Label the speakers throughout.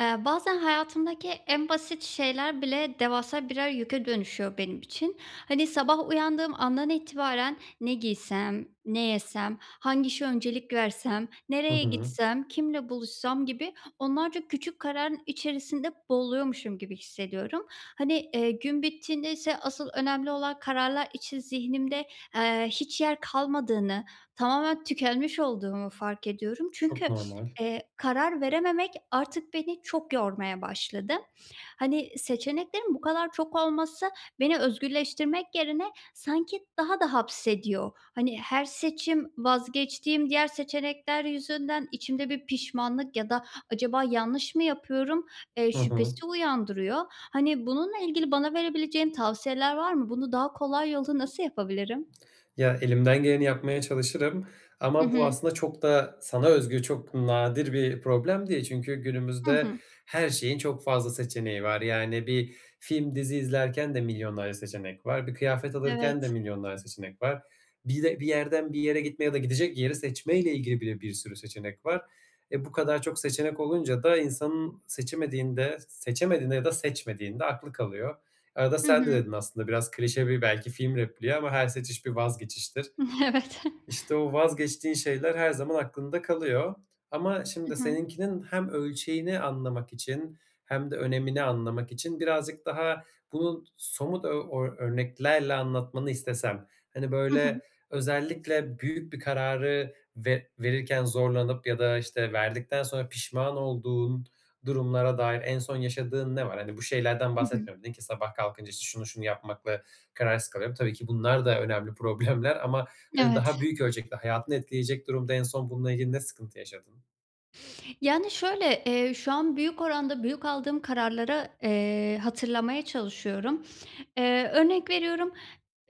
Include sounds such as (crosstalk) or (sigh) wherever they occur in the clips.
Speaker 1: Eee, bazen hayatımdaki en basit şeyler bile devasa birer yüke dönüşüyor benim için. Hani, sabah uyandığım andan itibaren "Ne giysem? Ne yesem? Hangi işe öncelik versem?
Speaker 2: Hı
Speaker 1: Nereye
Speaker 2: hı.
Speaker 1: gitsem? Kiminle buluşsam?" gibi onlarca küçük kararın içerisinde boğuluyormuşum gibi hissediyorum. Hani, eee, gün bittiğindeyse asıl önemli olan kararlar için zihnimde, eee, hiç yer kalmadığını, tamamen tükenmiş olduğumu fark ediyorum
Speaker 2: Çok
Speaker 1: çünkü, (sniffs)
Speaker 2: normal.
Speaker 1: eee, karar verememek artık beni çok yormaya başladı. Hani, seçeneklerin bu kadar çok olması beni özgürleştirmek yerine sanki daha da hapsediyor. Hani, her seçim vazgeçtiğim diğer seçenekler yüzünden içimde bir pişmanlık ya da acaba yanlış mı yapıyorum, eee,
Speaker 2: Hı hı.
Speaker 1: şüphesi uyandırıyor. Hani, bununla ilgili bana verebileceğin tavsiyeler var mı? Bunu daha kolay yolla nasıl yapabilirim?
Speaker 2: Ya elimden geleni yapmaya çalışırım
Speaker 1: Hı
Speaker 2: ama bu
Speaker 1: hı.
Speaker 2: aslında çok da sana özgü, çok nadir bir problem değil çünkü
Speaker 1: Hı
Speaker 2: günümüzde
Speaker 1: hı.
Speaker 2: her şeyin çok fazla seçeneği var yani bir film, dizi izlerken de milyonlarca seçenek var. Bir kıyafet alırken de
Speaker 1: Evet.
Speaker 2: milyonlarca seçenek var. Bir de, bir yerden bir yere gitme ya da gidecek yeri seçmeyle ilgili bile bir sürü seçenek var. E, bu kadar çok seçenek olunca da insanın seçemediğinde, seçemediğinde ya da seçmediğinde aklı kalıyor. Arada
Speaker 1: Hı
Speaker 2: sen de
Speaker 1: hı.
Speaker 2: dedin aslında, biraz klişe bir belki film repliği ama "Her seçiş bir vazgeçiştir."
Speaker 1: (chuckles) Evet.
Speaker 2: İşte o vazgeçtiğin şeyler her zaman aklında kalıyor ama
Speaker 1: Hı
Speaker 2: şimdi
Speaker 1: hı.
Speaker 2: seninkinin hem ölçeğini anlamak için hem de önemini anlamak için birazcık daha bunu somut o ö örneklerle anlatmanı istesem, hani,
Speaker 1: Hı
Speaker 2: böyle
Speaker 1: hı.
Speaker 2: özellikle büyük bir kararı ve verirken zorlanıp ya da, işte, verdikten sonra pişman olduğun durumlara dair en son yaşadığın ne var? Hani bu şeylerden
Speaker 1: Hı hı.
Speaker 2: bahsetmiyorum nin ki sabah kalkınca işte şunu, şunu yapmakla kararsız kalıyorum. Tabii ki bunlar da önemli problemler ama hani
Speaker 1: Evet.
Speaker 2: daha büyük ölçekli, hayatını etkileyecek durumda en son bunla ilgili ne sıkıntı yaşadın?
Speaker 1: Yani, şöyle, eee, şu an büyük oranda büyük aldığım kararlara, eee, hatırlamaya çalışıyorum, eee, örnek veriyorum,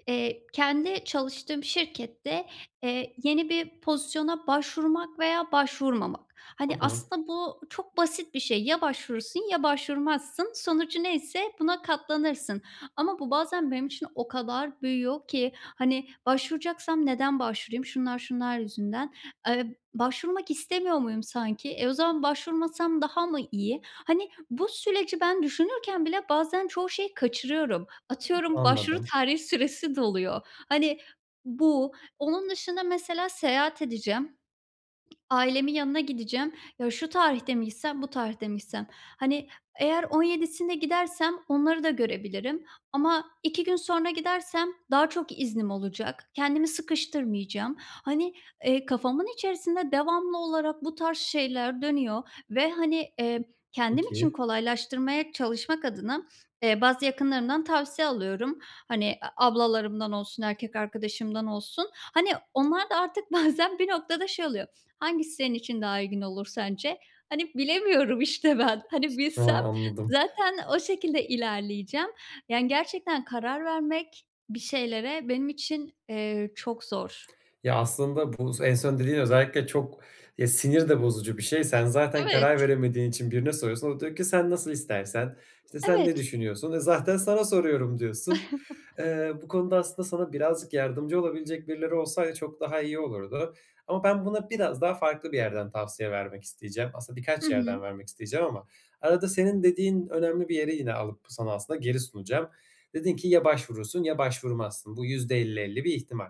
Speaker 1: eee, kendi çalıştığım şirkette, eee, yeni bir pozisyona başvurmak veya başvurmamak.
Speaker 2: Hı
Speaker 1: Hani,
Speaker 2: hı.
Speaker 1: aslında bu çok basit bir şey. Ya başvurursun ya başvurmazsın. Sonucu neyse buna katlanırsın ama bu bazen benim için o kadar büyüyor ki, hani, "Başvuracaksam neden başvurayım? Şunlar, şunlar yüzünden. Eee, başvurmak istemiyor muyum sanki? E, o zaman başvurmazsam daha mı iyi?" Hani, bu süreci ben düşünürken bile bazen çoğu şeyi kaçırıyorum. Atıyorum, başvuru
Speaker 2: Anladım.
Speaker 1: tarihi süresi doluyor. Hani, bu. Onun dışında mesela seyahat edeceğim, ailemin yanına gideceğim. "Ya, şu tarihte mi gitsem, bu tarihte mi gitsem? Hani, eğer 17'sinde gidersem onları da görebilirim ama 2 gün sonra gidersem daha çok iznim olacak, kendimi sıkıştırmayacağım." Hani, eee, kafamın içerisinde devamlı olarak bu tarz şeyler dönüyor ve, hani, eee, kendim için
Speaker 2: Peki.
Speaker 1: kolaylaştırmaya çalışmak adına, eee, bazı yakınlarımdan tavsiye alıyorum, hani, a ablalarımdan olsun, erkek arkadaşımdan olsun. Hani, onlar da artık bazen bir noktada şey oluyor: "Hangisi senin için daha uygun olur sence?" Hani, bilemiyorum işte ben. Hani,
Speaker 2: Ha,
Speaker 1: bilsem
Speaker 2: anladım.
Speaker 1: zaten o şekilde ilerleyeceğim. Yani gerçekten karar vermek bir şeylere benim için, eee, çok zor.
Speaker 2: Ya, aslında bu s en son dediğin özellikle çok ya, sinir de bozucu bir şey. Sen zaten
Speaker 1: Evet.
Speaker 2: karar veremediğin için birine soruyorsun, o da diyor ki: "Sen nasıl istersen, işte, sen ne
Speaker 1: Evet.
Speaker 2: düşünüyorsun?" "E, zaten sana soruyorum." diyorsun.
Speaker 1: (chuckles)
Speaker 2: Eee, bu konuda aslında sana birazcık yardımcı olabilecek birileri olsaydı çok daha iyi olurdu ama ben buna biraz daha farklı bir yerden tavsiye vermek isteyeceğim. Aslında
Speaker 1: Hı
Speaker 2: birkaç yerden
Speaker 1: hı.
Speaker 2: vermek isteyeceğim ama arada senin dediğin önemli bir yeri yine alıp sana aslında geri sunacağım. Dedin ki: "Ya başvurursun ya başvurmazsın." Bu %50-50 bir ihtimal.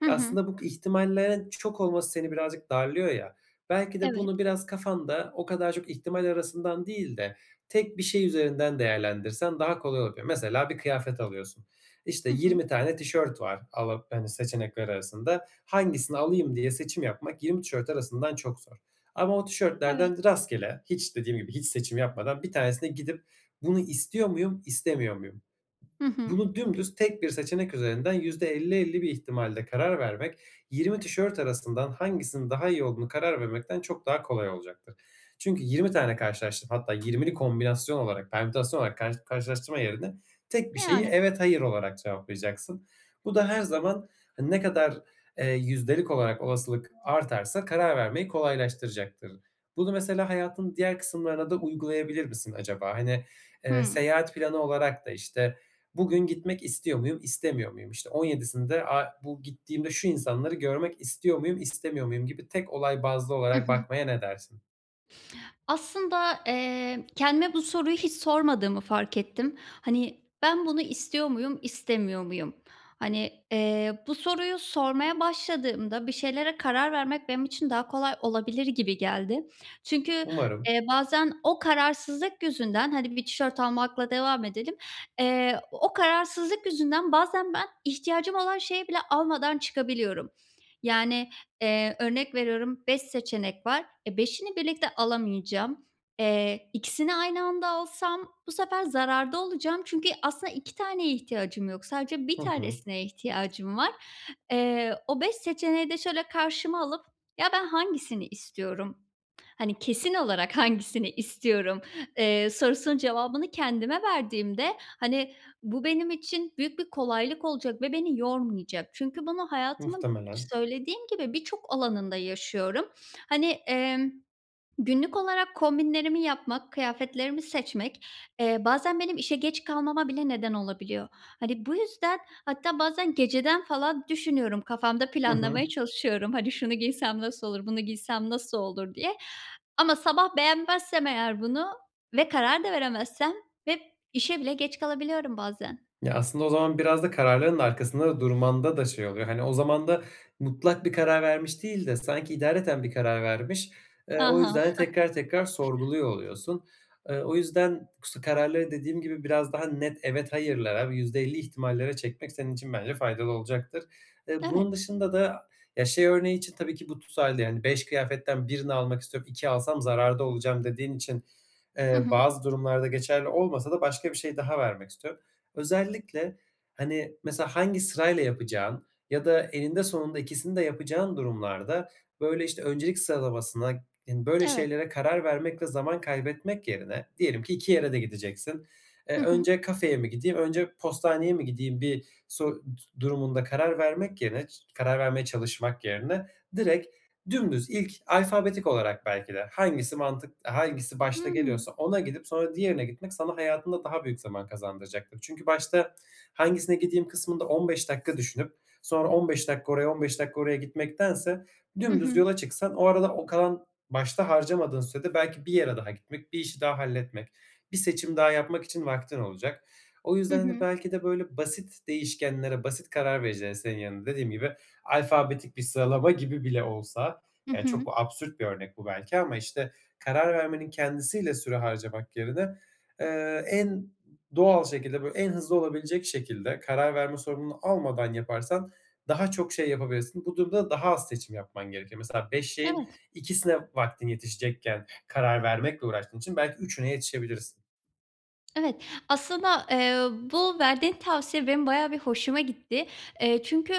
Speaker 1: Hı hı.
Speaker 2: Aslında bu ihtimallerin çok olması seni birazcık darlıyor ya, belki de
Speaker 1: Evet.
Speaker 2: bunu biraz kafanda o kadar çok ihtimal arasından değil de tek bir şey üzerinden değerlendirsen daha kolay olabilir. Mesela bir kıyafet alıyorsun. İşte,
Speaker 1: Hı hı.
Speaker 2: 20 tane tişört var ala hani, seçenekler arasında. Hangisini alayım diye seçim yapmak 20 tişört arasından çok zor ama o
Speaker 1: Evet.
Speaker 2: tişörtlerden rastgele, hiç dediğim gibi, hiç seçim yapmadan, 1 tanesine gidip: "Bunu istiyor muyum, istemiyor muyum?"
Speaker 1: Hı hı.
Speaker 2: Bunu dümdüz, tek 1 seçenek üzerinden %50-50 bir ihtimalle karar vermek, 20 tişört arasından hangisinin daha iyi olduğuna karar vermekten çok daha kolay olacaktır. Çünkü 20 tane karşılaştırıp hatta 20'li kombinasyon olarak, permütasyon olarak karş karşılaştırma yerine tek 1 şeyi
Speaker 1: Yani.
Speaker 2: "Evet, hayır." olarak cevaplayacaksın. Bu da her zaman, hani, ne kadar, eee, yüzdelik olarak olasılık artarsa karar vermeyi kolaylaştıracaktır. Bunu mesela hayatın diğer kısımlarına da uygulayabilir misin acaba? Hani, eee,
Speaker 1: Hıı.
Speaker 2: seyahat planı olarak da, işte, "Bugün gitmek istiyor muyum, istemiyor muyum? İşte, 17'sinde a bu gittiğimde şu insanları görmek istiyor muyum, istemiyor muyum?" gibi tek olay bazlı
Speaker 1: Hı
Speaker 2: olarak
Speaker 1: hı.
Speaker 2: bakmaya ne dersin?
Speaker 1: Aslinda, eee, kendime bu soruyu hiç sormadığımı fark ettim. Hani, "Ben bunu istiyor muyum, istemiyor muyum?" Hani, eee, bu soruyu sormaya başladığımda bir şeylere karar vermek benim için daha kolay olabilir gibi geldi. Çünkü,
Speaker 2: Umarım.
Speaker 1: eee, bazen o kararsızlık yüzünden, hani bir tişört almakla devam edelim. Eee, o kararsızlık yüzünden bazen ben ihtiyacım olan şeyi bile almadan çıkabiliyorum yani, eee, örnek veriyorum 5 seçenek var, eee, 5'ini birlikte alamayacağım. Eee, 2'sini aynı anda alsam bu sefer zararda olacağım çünkü aslında 2 taneye ihtiyacım yok. Sadece 1
Speaker 2: Hı hı.
Speaker 1: tanesine ihtiyacım var. Eee, o 5 seçeneği de şöyle karşıma alıp "Ya, ben hangisini istiyorum, hani, kesin olarak hangisini istiyorum?" eee, sorusunun cevabını kendime verdiğimde, hani, bu benim için büyük bir kolaylık olacak ve beni yormayacak. Çünkü bunu hayatımın,
Speaker 2: Muhtemelen.
Speaker 1: söylediğim gibi, birçok alanında yaşıyorum. Hani, emm, günlük olarak kombinlerimi yapmak, kıyafetlerimi seçmek, eee, bazen benim işe geç kalmama bile neden olabiliyor. Hani, bu yüzden hatta bazen geceden falan düşünüyorum. Kafamda
Speaker 2: Hı hı.
Speaker 1: planlamaya çalışıyorum, hani, "Şunu giysem nasıl olur, bunu giysem nasıl olur?" diye ama sabah beğenmezsem eğer bunu ve karar da veremezsem, hep, işe bile geç kalabiliyorum bazen.
Speaker 2: Ya aslında o zaman biraz da kararlarının arkasında durmanda da şey oluyor. Hani, o zaman da mutlak bir karar vermiş değil de sanki idareten bir karar vermiş,
Speaker 1: A,
Speaker 2: ııı, o
Speaker 1: ha.
Speaker 2: yüzden de
Speaker 1: (chuckles)
Speaker 2: tekrar, tekrar sorguluyor oluyorsun. Iıı, o yüzden k su kararları dediğim gibi biraz daha net, evet, hayırlara ve %50 ihtimallere çekmek senin için bence faydalı olacaktır. Eee, bunun
Speaker 1: Evet.
Speaker 2: dışında da, ya, şey örneği için tabii ki bu tutarlı yani 5 kıyafetten 1'ini almak istiyorum, 2 alsam zararda olacağım dediğin için,
Speaker 1: Hı
Speaker 2: ııı,
Speaker 1: hı.
Speaker 2: bazı durumlarda geçerli olmasa da başka bir şey daha vermek istiyorum. Özellikle, hani, mesela, hangi sırayla yapacağın ya da eninde sonunda ikisini de yapacağın durumlarda, böyle, işte, öncelik sıralamasına ın böyle
Speaker 1: Evet.
Speaker 2: şeylere karar vermek ve zaman kaybetmek yerine, diyelim ki 2 yere de gideceksin,
Speaker 1: Hı
Speaker 2: eee,
Speaker 1: hı.
Speaker 2: önce kafeye mi gideyim, önce postaneye mi gideyim bir so ııı, durumunda karar vermek yerine ç karar vermeye çalışmak yerine, direkt, dümdüz, ilk, alfabetik olarak belki de hangisi mantık hangisi başta
Speaker 1: Hıı.
Speaker 2: geliyorsa ona gidip sonra diğerine gitmek sana hayatında daha büyük zaman kazandıracaktır. Çünkü başta hangisine gideyim kısmında 15 dakika düşünüp, sonra 15 dakika oraya 15 dakika oraya gitmektense
Speaker 1: Hı
Speaker 2: dümdüz
Speaker 1: hı.
Speaker 2: yola çıksan o arada o kalan, başta harcamadığın sürede belki bir yere daha gitmek, bir işi daha halletmek, bir seçim daha yapmak için vaktin olacak. O
Speaker 1: Hı
Speaker 2: yüzden de
Speaker 1: hı.
Speaker 2: belki de, böyle basit değişkenlere, basit karar vericilere senin yerine dediğim gibi, alfabetik bir sıralama gibi bile olsa,
Speaker 1: Hı
Speaker 2: yani,
Speaker 1: hı.
Speaker 2: çok absürt bir örnek bu belki ama işte karar vermenin kendisiyle süre harcamak yerine, ııı, en ı doğal şekilde, böyle, en hızlı olabilecek şekilde karar verme sorumluluğunu almadan yaparsan daha çok şey yapabilirsin. Bu durumda daha az seçim yapman gerekiyor. Mesela 5 şeyin
Speaker 1: Evet.
Speaker 2: 2'sine vaktin yetişecekken, karar vermekle uğraştığın için belki 3'üne yetişebilirsin.
Speaker 1: Evet. Aslında, eee, bu verdiğin tavsiye benim bayağı bir hoşuma gitti. Eee, çünkü,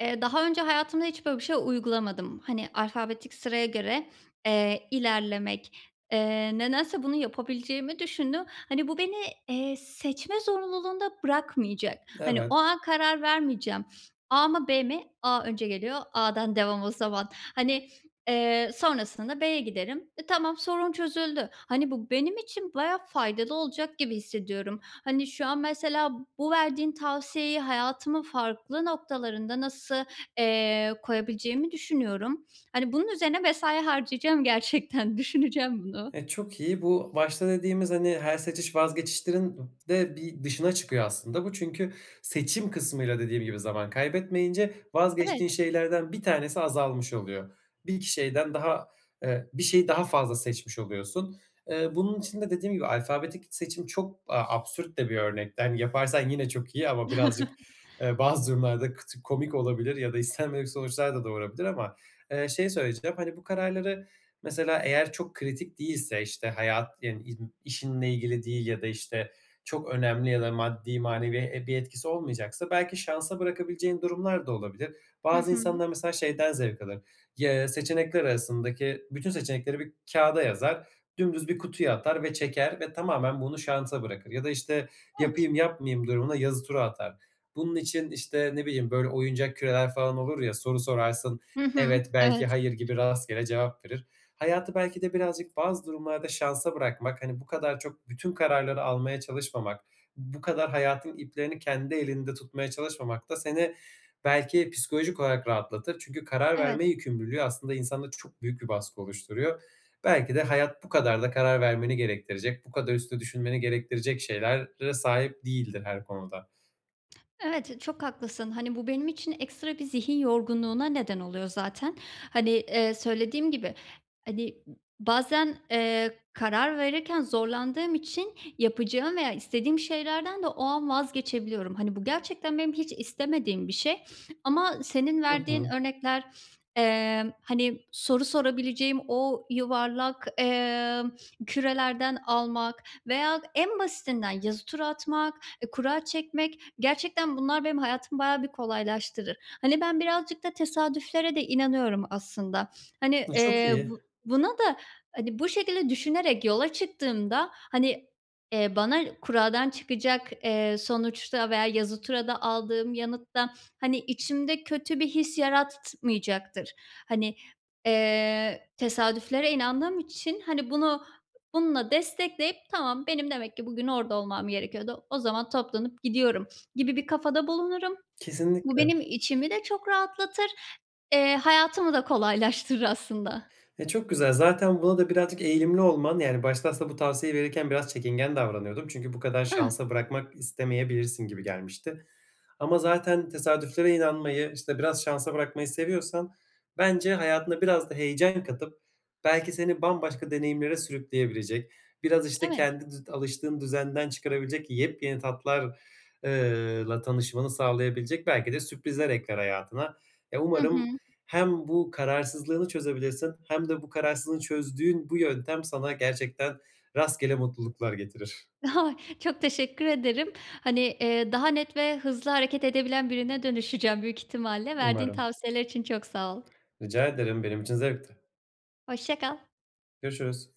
Speaker 1: eee, daha önce hayatımda hiç böyle bir şey uygulamadım. Hani, alfabetik sıraya göre, eee, ilerlemek, eee, nedense bunu yapabileceğimi düşündüm. Hani, bu beni, eee, seçme zorunluluğunda bırakmayacak. Hani, o
Speaker 2: Evet.
Speaker 1: an karar vermeyeceğim. A mı, B mi? A önce geliyor, A'dan devam o zaman. Hani, eee, sonrasında da B'ye giderim. E, tamam, sorun çözüldü. Hani, bu benim için bayağı faydalı olacak gibi hissediyorum. Hani, şu an mesela bu verdiğin tavsiyeyi hayatımın farklı noktalarında nasıl, eee, koyabileceğimi düşünüyorum. Hani, bunun üzerine mesai harcayacağım gerçekten. Düşüneceğim bunu.
Speaker 2: E, çok iyi. Bu, başta dediğimiz, hani, her seçiş vazgeçiştirin de bir dışına çıkıyor aslında bu çünkü seçim kısmıyla dediğim gibi zaman kaybetmeyince vazgeçtiğin
Speaker 1: Evet.
Speaker 2: şeylerden 1 tanesi azalmış oluyor. 1-2 şeyden daha eee, bir şeyi daha fazla seçmiş oluyorsun. Eee, bunun için de dediğim gibi alfabetik seçim çok, eee, absürt de bir örnekti. Hani, yaparsan yine çok iyi ama birazcık, eee, bazı durumlarda kıtı
Speaker 1: (chuckles)
Speaker 2: komik olabilir ya da istenmedik sonuçlar da doğurabilir ama. Eee, şey söyleyeceğim, hani, bu kararları mesela eğer çok kritik değilse, işte, hayat, yani, in işinle ilgili değil ya da, işte, çok önemli ya da maddi manevi e bir etkisi olmayacaksa belki şansa bırakabileceğin durumlar da olabilir.
Speaker 1: Hı
Speaker 2: Bazı
Speaker 1: hı.
Speaker 2: insanlar mesela şeyden zevk alır; y eee, seçenekler arasındaki bütün seçenekleri bir kağıda yazar. Dümdüz bir kutuya atar ve çeker ve tamamen bunu şansa bırakır. Ya da, işte,
Speaker 1: Evet.
Speaker 2: yapayım-yapmayayım durumuna yazı turu atar. Bunun için, işte, ne bileyim, böyle oyuncak küreler falan olur ya, soru sorarsın
Speaker 1: Hı hı.
Speaker 2: evet, belki,
Speaker 1: Evet.
Speaker 2: hayır gibi rastgele cevap verir. Hayatı belki de birazcık bazı durumlarda şansa bırakmak, hani, bu kadar çok bütün kararları almaya çalışmamak, bu kadar hayatın iplerini kendi elinde tutmaya çalışmamak da seni belki psikolojik olarak rahatlatır. Çünkü karar
Speaker 1: Evet.
Speaker 2: verme yükümlülüğü aslında insanda çok büyük bir baskı oluşturuyor. Belki de hayat bu kadar da karar vermeni gerektirecek, bu kadar üstüne düşünmeni gerektirecek şeylere sahip değildir her konuda.
Speaker 1: Evet, çok haklısın. Hani, bu benim için ekstra bir zihin yorgunluğuna neden oluyor zaten. Hani, eee, söylediğim gibi, hani, m ı bazen, eee, karar verirken zorlandığım için yapacağım veya istediğim şeylerden de o an vazgeçebiliyorum. Hani, bu gerçekten benim hiç istemediğim bir şey. Ama senin
Speaker 2: I
Speaker 1: verdiğin
Speaker 2: hı.
Speaker 1: örnekler, eee, hani, soru sorabileceğim o yuvarlak, eee, kürelerden almak veya en basitinden yazı tura atmak, eee, kura çekmek gerçekten bunlar benim hayatımı bayağı bir kolaylaştırır. Hani, ben birazcık da tesadüflere de inanıyorum aslında. Hani,
Speaker 2: Iıı, çok
Speaker 1: eee,
Speaker 2: iyi.
Speaker 1: bu buna da, hani, bu şekilde düşünerek yola çıktığımda, hani, eee, bana kuradan çıkacak, eee, sonuçta veya yazı turada aldığım yanıtta, hani, içimde kötü bir his yaratmayacaktır. Hani, eee, tesadüflere inandığım için, hani, bunu bununla destekleyip, "Tamam, benim demek ki bugün orada olmam gerekiyordu. O zaman toplanıp gidiyorum." gibi bir kafada bulunurum. Bu
Speaker 2: Kesinlikle.
Speaker 1: benim içimi de çok rahatlatır, eee, hayatımı da kolaylaştırır aslında.
Speaker 2: E, çok güzel. Zaten buna da birazcık eğilimli olman, yani, başta aslında bu tavsiyeyi verirken biraz çekingen davranıyordum. Çünkü bu kadar
Speaker 1: Ah!
Speaker 2: şansa bırakmak istemeyebilirsin gibi gelmişti. Ama zaten tesadüflere inanmayı, işte, biraz şansa bırakmayı seviyorsan bence hayatına biraz da heyecan katıp belki seni bambaşka deneyimlere sürükleyebilecek, biraz, işte,
Speaker 1: Evet.
Speaker 2: kendi dü alıştığın düzenden çıkarabilecek yepyeni tatlar eee, la tanışmanı sağlayabilecek belki de sürprizler ekler hayatına. E,
Speaker 1: Hı
Speaker 2: umarım
Speaker 1: hı.
Speaker 2: hem bu kararsızlığını çözebilirsin hem de bu kararsızlığı çözdüğün bu yöntem sana gerçekten rastgele mutluluklar getirir.
Speaker 1: Ha! Çok teşekkür ederim. Hani, eee, daha net ve hızlı hareket edebilen birine dönüşeceğim büyük ihtimalle. Verdiğin
Speaker 2: Umarım.
Speaker 1: tavsiyeler için çok sağ ol.
Speaker 2: Rica ederim, benim için zevkti.
Speaker 1: Hoşça kal.
Speaker 2: Görüşürüz.